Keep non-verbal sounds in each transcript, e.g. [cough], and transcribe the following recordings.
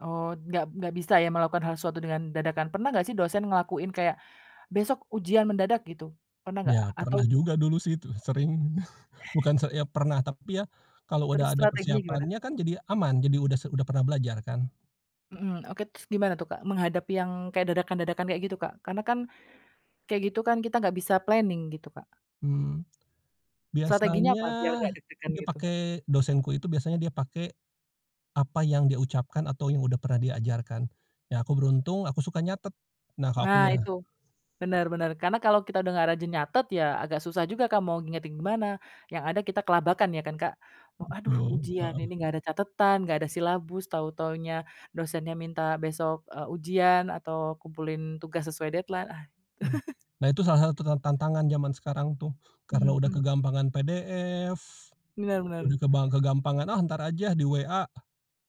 Oh, nggak nggak bisa ya, melakukan hal suatu dengan dadakan pernah nggak sih, dosen ngelakuin kayak, "Besok ujian mendadak" gitu, pernah nggak? Ya, pernah Atau juga dulu sih itu sering, [chuckles] bukan se ya pernah, tapi ya, kalau udah Terus ada strateginya gimana? persiapannya, kan jadi aman, jadi udah se udah pernah belajar kan. Mhm, oke, terus gimana tuh, Kak, menghadapi yang kayak dadakan-dadakan kayak gitu, Kak? Karena kan, kayak gitu kan, kita nggak bisa planning gitu, Kak? Mmm. Strateginya biasanya apa, biar nggak deg-degan dia gitu? pake dosenku itu biasanya dia pake, apa yang dia ucapkan atau yang udah pernah diajarkan. Ya aku beruntung aku suka nyatet. Nah, kalo Nah akunya itu, bener bener, karena kalau kita udah nggak rajin nyatet, ya agak susah juga, Kak, mau ngingetin gimana, yang ada kita kelabakan ya, kan, Kak? "Oh, aduh Betul, ujian, ini heeh. enggak ada catetan, enggak ada silabus, tau-taunya dosennya minta besok," eee, "ujian, atau kumpulin tugas sesuai deadline, ah." Mmm. [chuckles] Nah, itu salah satu ta tantangan zaman sekarang tuh, karena Mhm, udah hmm. kegampangan PDF, Bener udah bener. kebang kegampangan, "Ah, ntar aja di WA,"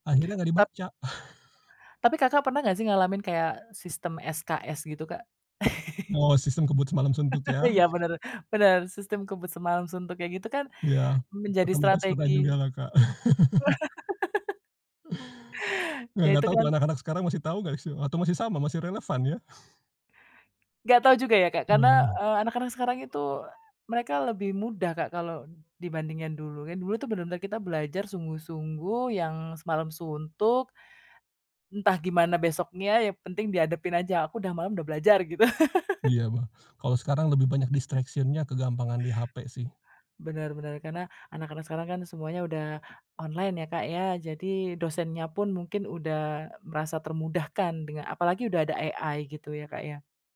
akhirnya nggak Tap dibaca. [chuckles] Tapi Kakak pernah nggak sih, ngalamin kayak sistem SKS gitu, Kak? [chuckles] Oh, sistem kebut semalam suntuk [laughs] ya? Iya, bener bener, sistem kebut semalem suntuk kayak gitu kan, Ya, menjadi otomatis pernah juga strategi lah, Kak. [chuckles] [laughs] Nah, Ya, nggak itu tau tuh, kan anak-anak sekarang masih tau nggak sih, atau masih sama, masih relevan ya? [chuckles] Nggak tau juga ya, Kak, karena, Nah. eee, anak-anak sekarang itu, eee, mereka lebih mudah, Kak, kalau dibandingin dulu, kan dulu tuh bener-bener kita belajar sungguh-sungguh, yang semalam suntuk, entah gimana besoknya, yang penting dihadapin aja, aku udah malem udah belajar gitu. [laughs] Iya, bah kalau sekarang lebih banyak Heeh. distraction-nya kegampangan di hape sih. Benar benar, karena anak-anak sekarang kan semuanya udah online ya, Kak, ya. Jadi dosennya pun mungkin udah, eee, merasa termudahkan denga apalagi udah ada AI gitu ya, Kak, ya?